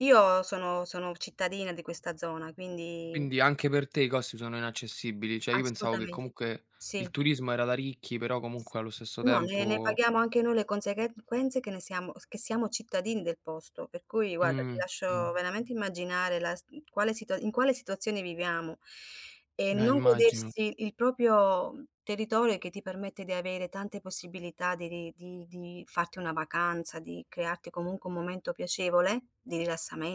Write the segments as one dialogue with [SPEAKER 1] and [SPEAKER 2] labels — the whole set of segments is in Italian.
[SPEAKER 1] Io sono sono cittadina di questa zona, quindi
[SPEAKER 2] Quindi anche per te i costi sono inaccessibili. Cioè, io pensavo che
[SPEAKER 1] Assolutamente.
[SPEAKER 2] comunque il
[SPEAKER 1] Sì.
[SPEAKER 2] turismo era da ricchi, però
[SPEAKER 1] S
[SPEAKER 2] comunque allo stesso
[SPEAKER 1] no, ne ne
[SPEAKER 2] tempo
[SPEAKER 1] paghiamo anche noi le conseghe conseguenze che ne siamo s che siamo cittadini del posto. Per cui, guarda, ti
[SPEAKER 2] Mh-mh.
[SPEAKER 1] lascio veramente immaginare la s quale situa in quale situazione viviamo. E
[SPEAKER 2] Eh,
[SPEAKER 1] non
[SPEAKER 2] immagino.
[SPEAKER 1] godersi il proprio territorio e che ti permette di avere tante possibilità de di di di farti una vacanza, di crearti, comunque, un momento piacevole, di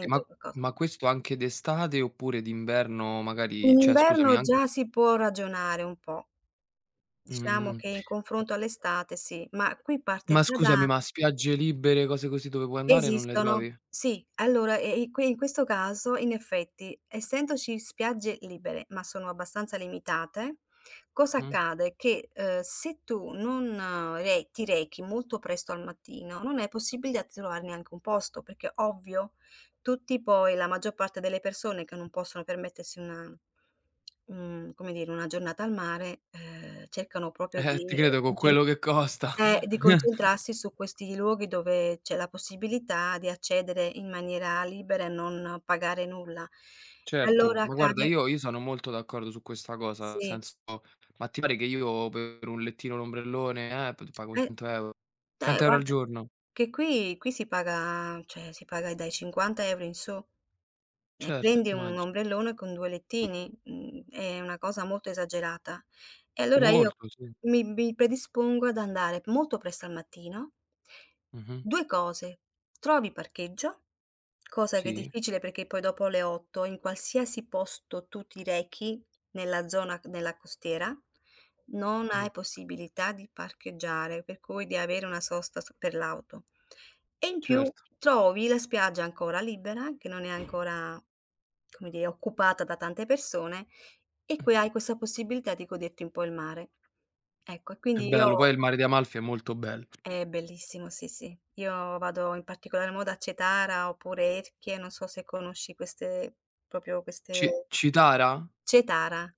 [SPEAKER 2] Sì,
[SPEAKER 1] e
[SPEAKER 2] ma
[SPEAKER 1] qualcosa
[SPEAKER 2] ma questo anche d'estate oppure d'inverno,
[SPEAKER 1] In
[SPEAKER 2] magari cioè, scusami,
[SPEAKER 1] inverno
[SPEAKER 2] anche
[SPEAKER 1] già si può ragionare un po'. Diciamo
[SPEAKER 2] Mh-mh-mh.
[SPEAKER 1] che in confronto all'estate, sì. Ma qui parte
[SPEAKER 2] Ma
[SPEAKER 1] già da
[SPEAKER 2] scusami, ma spiagge libere, cose così, dove puoi andare, non le
[SPEAKER 1] Esistono,
[SPEAKER 2] trovi?
[SPEAKER 1] sì. Allora, e eh, i qui, in questo caso, in effetti, essendoci spiagge libere, ma sono abbastanza limitate, cosa
[SPEAKER 2] Mh-mh.
[SPEAKER 1] accade? Che, ehm, se tu non re ti rechi molto presto al mattino, non è possibilità di trovare neanche un posto, perché, ovvio, tutti, poi, la maggior parte delle persone che non possono permettersi una, mhmm un, come dire, una giornata al mare, ehm, cercano proprio
[SPEAKER 2] Eh-eh, ti
[SPEAKER 1] di
[SPEAKER 2] credo con
[SPEAKER 1] concen
[SPEAKER 2] quello che costa.
[SPEAKER 1] eh, di concentrarsi su questi luoghi dove c'è la possibilità di accedere in maniera libera e non pagare nulla.
[SPEAKER 2] Certo,
[SPEAKER 1] Allora,
[SPEAKER 2] ma, guarda,
[SPEAKER 1] accade
[SPEAKER 2] io io sono molto d'accordo su questa cosa, nel
[SPEAKER 1] Sì.
[SPEAKER 2] senso, ma ti pare che io per un lettino e l'ombrellone, eh, pago
[SPEAKER 1] Per
[SPEAKER 2] 100 €?
[SPEAKER 1] eh,
[SPEAKER 2] 100 € al
[SPEAKER 1] guarda,
[SPEAKER 2] giorno?
[SPEAKER 1] che qui qui si paga, cioè, si paga dai 50 € in su e
[SPEAKER 2] Certo,
[SPEAKER 1] prendi un
[SPEAKER 2] immagino.
[SPEAKER 1] ombrellone con due lettini, mhmm, è una cosa molto esagerata. E allora io
[SPEAKER 2] Molto, sì.
[SPEAKER 1] mi mi predispongo ad andare molto presto al mattino
[SPEAKER 2] Mh-mh.
[SPEAKER 1] 2 cose: trovi parcheggio, cosa che è
[SPEAKER 2] Sì.
[SPEAKER 1] difficile perché poi dopo le 8, in qualsiasi posto tu ti rechi nella zona c della costiera, non hai
[SPEAKER 2] Mh-mh.
[SPEAKER 1] possibilità di parcheggiare, per cui di avere una sosta s per l'auto. E in più,
[SPEAKER 2] Certo.
[SPEAKER 1] trovi la spiaggia ancora libera, che non è ancora, come dire, occupata da tante persone, e qui
[SPEAKER 2] Mh-mh.
[SPEAKER 1] hai questa possibilità di goderti un po' il mare. Ecco, e
[SPEAKER 2] È
[SPEAKER 1] quindi
[SPEAKER 2] bello, poi
[SPEAKER 1] io
[SPEAKER 2] il mare di Amalfi è molto bello.
[SPEAKER 1] È bellissimo, sì, sì. Io vado in particolar modo a Cetara oppure Erchie, non so se conosci queste proprio
[SPEAKER 2] Ci
[SPEAKER 1] queste
[SPEAKER 2] Citara?
[SPEAKER 1] Cetara.